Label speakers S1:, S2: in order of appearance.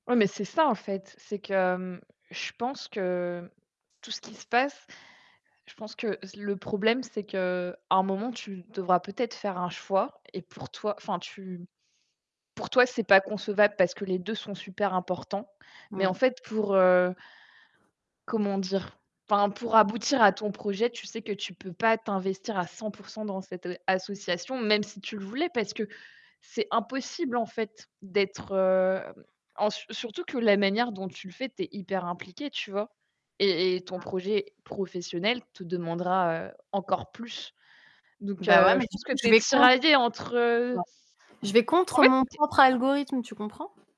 S1: Ouais mais c'est ça en fait, c'est que, hem, je pense que tout ce qui se passe, je pense que z le problème, c'est qu'à un moment, tu devras peut-être faire un choix et pour toi, enfin, tu pour toi, c'est pas concevable parce que les 2 sont super importants. Mais en
S2: Mmh.
S1: fait, pour, heu comment dire? Enfin, pour aboutir à ton projet, tu sais que tu ne peux pas t'investir à 100 % dans cette l association, même si tu le voulais, parce que c'est impossible en fait d'être, heu,
S2: Mmh.
S1: en ce surtout que la manière dont tu le fais, tu es hyper impliquée, tu vois? Et et ton
S2: Mmh.
S1: projet professionnel te demandera, heu, encore plus. Donc
S2: Bah ouais
S1: heu,
S2: mais
S1: je
S2: du
S1: pense que
S2: coup,
S1: tu
S2: je
S1: es
S2: vais contre.
S1: tiraillée entre, heu
S2: Ouais, je vais
S1: en
S2: contre
S1: fait,
S2: mon
S1: tu es
S2: propre algorithme, tu comprends?